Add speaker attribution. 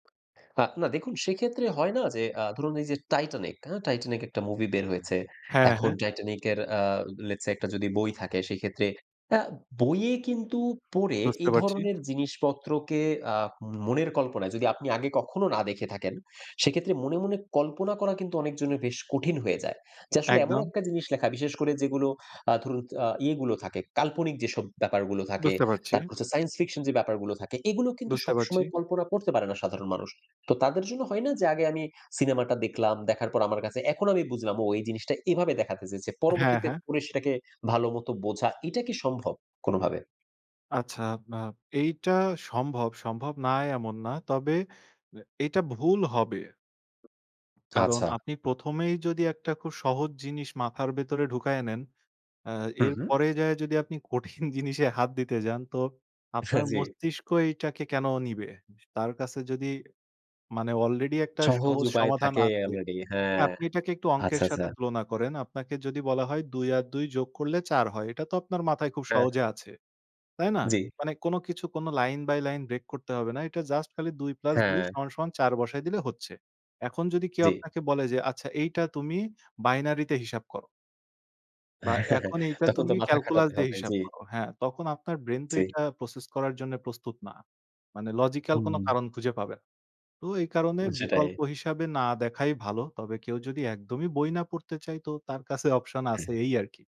Speaker 1: আ না দেখুন সেক্ষেত্রে হয় না যে আ ধরুন এই যে 'Titanic' হা 'Titanic' একটা মুভি বের হয়েছে।
Speaker 2: হ্যাঁ,
Speaker 1: এখন
Speaker 2: হ্যাঁ।
Speaker 1: 'Titanic' এর আ let's say একটা যদি বই থাকে সেক্ষেত্রে আ বইয়ে কিন্তু পড়ে,
Speaker 2: বুঝতে
Speaker 1: এই
Speaker 2: পারছি।
Speaker 1: ধরনের জিনিসপত্রকে আ মনের কল্পনায় যদি আপনি আগে কখনো না দেখে থাকেন সেক্ষেত্রে মনে, মনে কল্পনা করা কিন্তু অনেকজনের বেশ কঠিন হয়ে যায়। যে আসলে এমন
Speaker 2: একদম।
Speaker 1: একটা জিনিস লেখা বিশেষ করে যেগুলো আ ধরুন আ ইয়েগুলো থাকে, কাল্পনিক যেসব ব্যাপারগুলো থাকে,
Speaker 2: বুঝতে পারছি।
Speaker 1: তারপর হচ্ছে সাইন্স ফিকশন যে ব্যাপারগুলো থাকে এগুলো কিন্তু
Speaker 2: বুঝতে পারছি।
Speaker 1: সবসময় কল্পনা করতে পারে না সাধারণ মানুষ। তো তাদের জন্য হয় না যে আগে আমি সিনেমাটা দেখলাম, দেখার পর আমার কাছে এখন আমি বুঝলাম ও এই জিনিসটা এভাবে দেখাতে চেয়েছে।
Speaker 2: হ্যাঁ,
Speaker 1: পরবর্তীতে
Speaker 2: হ্যাঁ।
Speaker 1: পড়ে সেটাকে ভালোমতো বোঝা এটা কি সম্ভব কোনোভাবে?
Speaker 2: আচ্ছা না এইটা সম্ভব, সম্ভব না এমন না। তবে এ এইটা ভুল হবে। কারণ
Speaker 1: আচ্ছা।
Speaker 2: আপনি ১ম এই যদি একটা খুব সহজ জিনিস মাথার ভেতরে ঢুকায়ে নেন, আ
Speaker 1: হু, হু।
Speaker 2: এরপরে যেয়ে যদি আপনি কঠিন জিনিসে হাত দিতে যান তো
Speaker 1: হ্যাঁ,
Speaker 2: আপনার
Speaker 1: জি।
Speaker 2: মস্তিষ্ক এটাকে কেনো নিবে? তার কাছে যদি মানে অলরেডি একটা
Speaker 1: সহজ
Speaker 2: সহজ
Speaker 1: উপায়
Speaker 2: সমাধান
Speaker 1: থাকে
Speaker 2: আছে।
Speaker 1: অলরেডি হ্যাঁ।
Speaker 2: আপনি এটাকে একটু অঙ্কের
Speaker 1: আচ্ছা, আচ্ছা।
Speaker 2: সাথে তুলনা করেন। আপনাকে যদি বলা হয় ২ আর ২ যোগ করলে ৪ হয়। এটা তো আপনার মাথায় খুব
Speaker 1: হ্যাঁ।
Speaker 2: সহজে আছে। তাই না?
Speaker 1: জি।
Speaker 2: মানে কোনো কিছু কোনো line by line break করতে হবে না। এটা জাস্ট খালি ২ plus ২
Speaker 1: হ্যাঁ।
Speaker 2: সমান, সমান ৪ বসায় দিলে হচ্ছে। এখন যদি কেউ
Speaker 1: জি।
Speaker 2: আপনাকে বলে যে আচ্ছা এইটা তুমি binary হিসাব করো বা এখন এইটা
Speaker 1: তখন তো
Speaker 2: তুমি
Speaker 1: মাথা
Speaker 2: calculus
Speaker 1: খাটাতে
Speaker 2: দিয়ে
Speaker 1: হবে।
Speaker 2: হিসাব
Speaker 1: জি।
Speaker 2: করো। হ্যাঁ, তখন আপনার ব্রেইন তো
Speaker 1: জি।
Speaker 2: এইটা process করার জন্য প্রস্তুত না। মানে logical কোনো
Speaker 1: হুম।
Speaker 2: কারণ খুঁজে পাবে না। তো এই কারণে
Speaker 1: সেটাই।
Speaker 2: বিকল্প হিসাবে না দেখাই ভালো। তবে কেউ যদি একদমই বই না পড়তে চায়, তো তার কাছে অপশন আছে
Speaker 1: হ্যাঁ।
Speaker 2: এই আরকি।